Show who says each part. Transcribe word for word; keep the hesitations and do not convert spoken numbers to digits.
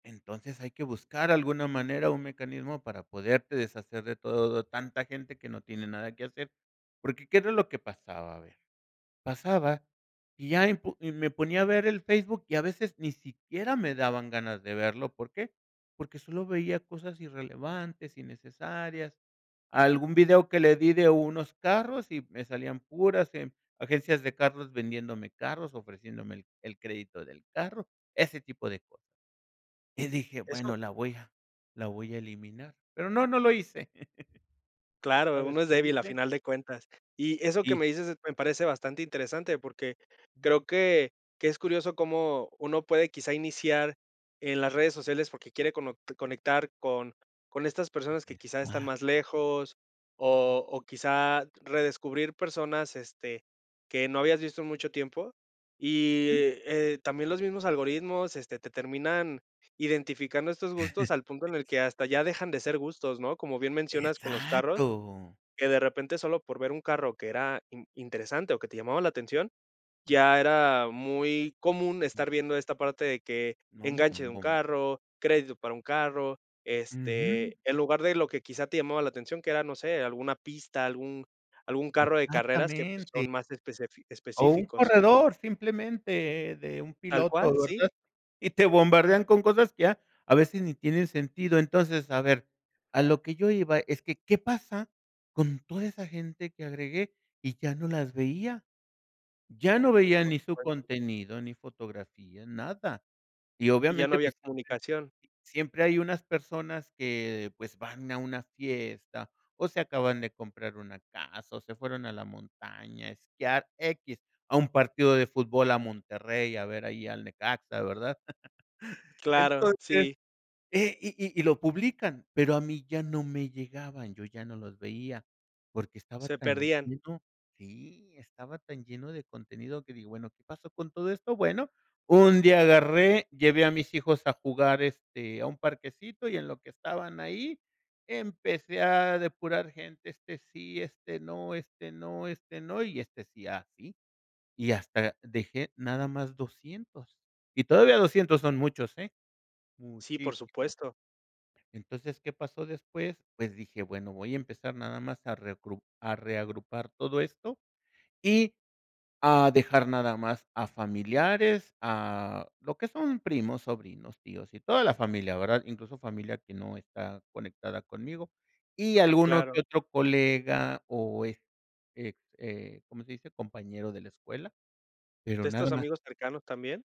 Speaker 1: Entonces hay que buscar alguna manera, un mecanismo para poderte deshacer de todo tanta gente que no tiene nada que hacer, porque, ¿qué era lo que pasaba? A ver, pasaba y ya impu y me ponía a ver el Facebook y a veces ni siquiera me daban ganas de verlo, ¿por qué? Porque solo veía cosas irrelevantes, innecesarias, algún video que le di de unos carros y me salían puras em agencias de carros vendiéndome carros, ofreciéndome el el crédito del carro, ese tipo de cosas. Y dije:
Speaker 2: Eso
Speaker 1: "Bueno, la voy a la voy a eliminar", pero no, no lo hice.
Speaker 2: Claro,
Speaker 1: ¿Sabes
Speaker 2: uno es
Speaker 1: qué
Speaker 2: débil a
Speaker 1: hice?
Speaker 2: final de cuentas. Y eso que
Speaker 1: Y
Speaker 2: me dices, se me parece bastante interesante porque
Speaker 1: Ujú.
Speaker 2: creo que que es curioso cómo uno puede quizá iniciar en las redes sociales porque quiere conot conectar con con estas personas que quizá están
Speaker 1: [unintelligible]
Speaker 2: más lejos o o quizá redescubrir personas, este, que no habías visto en mucho tiempo y,
Speaker 1: Ujú.
Speaker 2: eh, también los mismos algoritmos, este, te terminan identificando estos gustos al punto en el que hasta ya dejan de ser gustos, ¿no? Como bien mencionas con los carros,
Speaker 1: ¡Exacto!
Speaker 2: que de repente solo por ver un carro que era in interesante o que te llamaba la atención, ya era muy común estar viendo esta parte de que enganche de un
Speaker 1: [unintelligible]
Speaker 2: carro, crédito para un carro, este,
Speaker 1: Ujú.
Speaker 2: en lugar de lo que quizá te llamaba la atención, que era, no sé, alguna pista, algún algún carro de carreras que, pues,
Speaker 1: Exactamente.
Speaker 2: son más especefi
Speaker 1: O un
Speaker 2: específicos.
Speaker 1: corredor simplemente, de un
Speaker 2: Tal
Speaker 1: piloto,
Speaker 2: cual, sí.
Speaker 1: ¿verdad? Y te bombardean con cosas que ya a veces ni tienen sentido. Entonces, a ver, a lo que yo iba es que, ¿qué pasa con toda esa gente que agregué y ya no las veía? Ya no veía
Speaker 2: Por
Speaker 1: ni su
Speaker 2: supuesto.
Speaker 1: contenido, ni fotografías, nada, y
Speaker 2: Y ya no
Speaker 1: obviamente,
Speaker 2: había
Speaker 1: pues,
Speaker 2: comunicación.
Speaker 1: [unintelligible] siempre hay unas personas que, pues van a una fiesta o se acaban de comprar una casa o se fueron a la montaña a esquiar, equis, a un partido de fútbol a Monterrey, a ver ahí al Necaxa, ¿verdad?
Speaker 2: Claro,
Speaker 1: Entonces,
Speaker 2: sí.
Speaker 1: eh, y y y lo publican, pero a mí ya no me llegaban, yo ya no los veía porque estaba
Speaker 2: Se
Speaker 1: tan
Speaker 2: perdían.
Speaker 1: lleno Sí, estaba tan lleno de contenido que digo, bueno, ¿qué pasó con todo esto? Bueno, un día agarré, llevé a mis hijos a jugar, este, a un parquecito y en lo que estaban ahí, empecé a depurar gente, este sí, este no, este no, este no, y este sí, y así, y hasta dejé nada más doscientos. Y todavía doscientos son muchos, eh,
Speaker 2: Sí, por
Speaker 1: muchísimos.
Speaker 2: supuesto.
Speaker 1: Entonces, ¿qué pasó después? Pues dije: "Bueno, voy a empezar nada más a a reucru a reagrupar todo esto y a dejar nada más a familiares", a lo que son primos, sobrinos, tíos y toda la familia, ¿verdad? Incluso familia que no está conectada conmigo y alguno
Speaker 2: Claro.
Speaker 1: que otro colega o est eh eh, ¿cómo se dice? compañero de la escuela, pero
Speaker 2: ¿De estos
Speaker 1: nada más.
Speaker 2: amigos cercanos también?